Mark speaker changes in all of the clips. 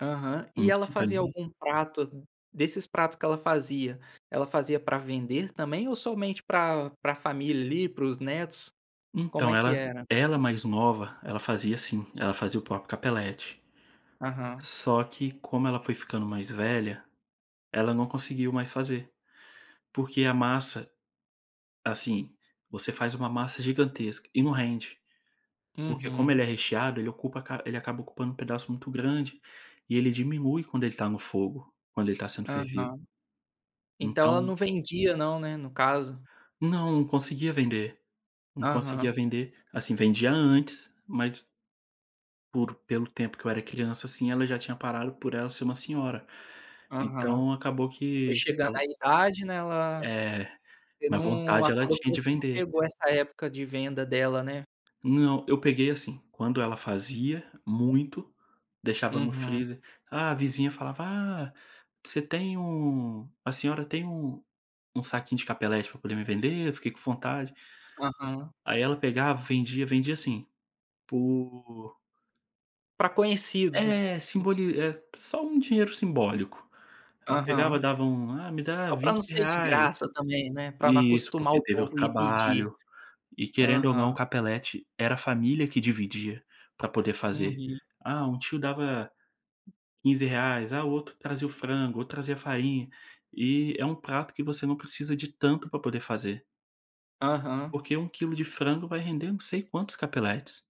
Speaker 1: Aham, e ela fazia
Speaker 2: [unintelligible]
Speaker 1: algum prato, desses pratos que ela fazia, ela fazia para vender também ou somente para para família, ali, para os netos? Como
Speaker 2: Então,
Speaker 1: é que
Speaker 2: ela
Speaker 1: era?
Speaker 2: ela mais nova, ela fazia assim, ela fazia o próprio Capelletti.
Speaker 1: Aham.
Speaker 2: Só que, como ela foi ficando mais velha, ela não conseguiu mais fazer, porque a massa assim, você faz uma massa gigantesca e não rende, porque como ele é
Speaker 1: Uhum.
Speaker 2: recheado ele ocupa ele acaba ocupando um pedaço muito grande, e ele diminui quando ele está no fogo; quando ele está sendo fervido.
Speaker 1: Aham, então, ela
Speaker 2: Então
Speaker 1: não vendia, né, no caso?
Speaker 2: Não, conseguia vender, não conseguia
Speaker 1: Aham.
Speaker 2: vender, assim, vendia antes, mas por pelo tempo que eu era criança, assim, ela já tinha parado, por ela ser uma senhora.
Speaker 1: Aham,
Speaker 2: Então, acabou
Speaker 1: foi
Speaker 2: que
Speaker 1: chegando a
Speaker 2: ficava
Speaker 1: idade, né, ela
Speaker 2: É,
Speaker 1: você
Speaker 2: mas
Speaker 1: não
Speaker 2: vontade ela
Speaker 1: acabou que
Speaker 2: tinha de
Speaker 1: você não
Speaker 2: vender.
Speaker 1: pegou essa época de venda dela, né?
Speaker 2: Não, eu peguei assim, quando ela fazia muito, deixava no
Speaker 1: Uhum.
Speaker 2: freezer, ah, a vizinha falava: "Ah, você tem um a senhora tem um um saquinho de Capelletti para poder me vender? eu fiquei com vontade".
Speaker 1: Aham.
Speaker 2: Aí ela pegava, vendia vendia, assim, por
Speaker 1: Para conhecidos.
Speaker 2: É,
Speaker 1: Hum
Speaker 2: simboli eh, só um dinheiro simbólico, ela pegava,
Speaker 1: Aham,
Speaker 2: dava um "Ah, me dá
Speaker 1: só para não
Speaker 2: vinte
Speaker 1: ser de
Speaker 2: reais"
Speaker 1: graça também, né, para não
Speaker 2: isso,
Speaker 1: acostumar
Speaker 2: porque
Speaker 1: o
Speaker 2: teve o
Speaker 1: povo ir pedir.
Speaker 2: trabalho, e querendo ou não, o
Speaker 1: Aham.
Speaker 2: Capeletti, era a família que dividia para poder fazer.
Speaker 1: Uhum.
Speaker 2: Ah, um tio dava R$ 15,00, ah, o outro trazia o frango, outro trazia a farinha, e é um prato que você não precisa de tanto para poder fazer.
Speaker 1: Aham.
Speaker 2: Porque 1 quilo de frango vai render não sei quantos Capelletis.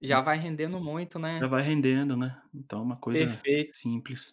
Speaker 1: Já vai rendendo muito,
Speaker 2: Já
Speaker 1: né.
Speaker 2: vai rendendo, né, então é uma coisa
Speaker 1: Perfeito.
Speaker 2: simples.